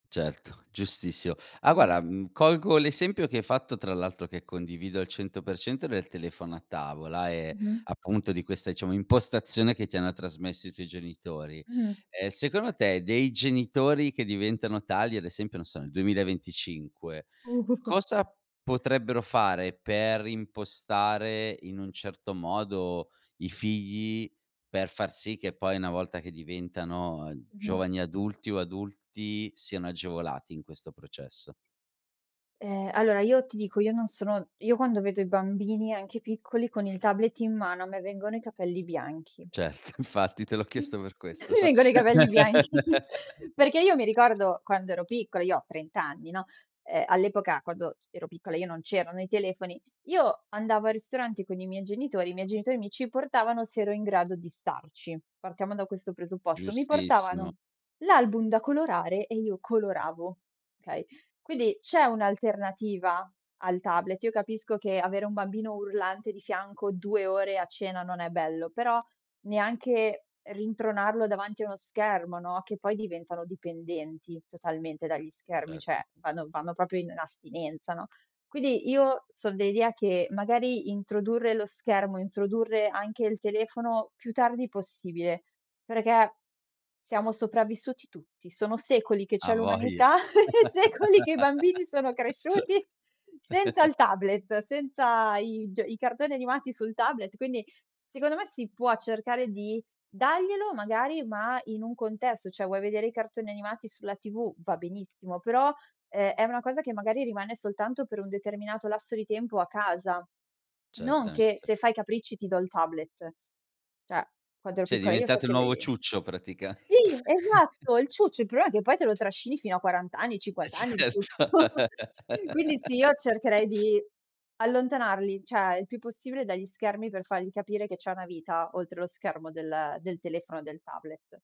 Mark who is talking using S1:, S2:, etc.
S1: Certo, giustissimo, ah,
S2: Mh-mh.
S1: guarda, mhmm, colgo l'esempio che hai fatto, tra l'altro che condivido al 100%, del telefono a tavola e,
S2: Mh-mh
S1: appunto, di questa, diciamo, impostazione che ti hanno trasmesso i tuoi genitori;
S2: Mhmm.
S1: ehm, secondo te, dei genitori che diventano tali, ad esempio, non so, nel 2025
S2: [unintelligible]
S1: cosa potrebbero fare per impostare, in un certo modo, i figli per far sì che poi una volta che diventano, uhm,
S2: Mh-mh.
S1: giovani adulti o adulti siano agevolati in questo processo?
S2: Ehm, allora, io ti dico, io non sono io quando vedo i bambini, anche piccoli, con il tablet in mano, a me vengono i capelli bianchi.
S1: Certo, infatti te l'ho
S2: Mi
S1: chiesto per questo.
S2: vengono i capelli bianchi perché io mi ricordo quando ero piccola io ho 30 anni, no, ehm, all'epoca, quando c ero piccola io, non c'erano i telefoni, io andavo al ristorante con i miei genitori, i miei genitori mi ci portavano se ero in grado di starci, partiamo da questo presupposto; mi
S1: Giustissimo.
S2: portavano l'album da colorare e io coloravo, okay, quindi c'è un'alternativa al tablet, io capisco che avere un bambino urlante di fianco 2 ore a cena non è bello, però neanche rintronarlo davanti a uno schermo, no, che poi diventano dipendenti totalmente dagli schermi,
S1: Cert
S2: cioè vanno vanno proprio in astinenza, no, quindi io son dell'idea che, magari, introdurre lo schermo, introdurre anche il telefono più tardi possibile, perché, siamo sopravvissuti tutti; sono secoli che c'è
S1: Hai voglia.
S2: l'umanità e secoli che i bambini sono cresciuti senza il tablet senza i g i cartoni animati sul tablet, quindi, secondo me, si può cercare di daglielo, magari, ma in un contesto, cioè vuoi vedere i cartoni animati sulla TV, va benissimo, però, ehm, è una cosa che, magari, rimane soltanto per un determinato lasso di tempo a casa, non che
S1: Certamente.
S2: se fai i capricci, ti do il tablet, cioè, quando ero
S1: Sì, è
S2: piccola io,
S1: diventato il nuovo
S2: facevi
S1: ciuccio praticam
S2: sì, esatto, il ciuccio. Il problema è che poi te lo trascini fino a 40 anni,
S1: Eh,
S2: 50 anni il
S1: certo.
S2: tutto quindi, sì, io cercherei di allontanarli, cioè, il più possibile dagli schermi, per fargli capire che c'è una vita oltre lo schermo del del telefono e del tablet.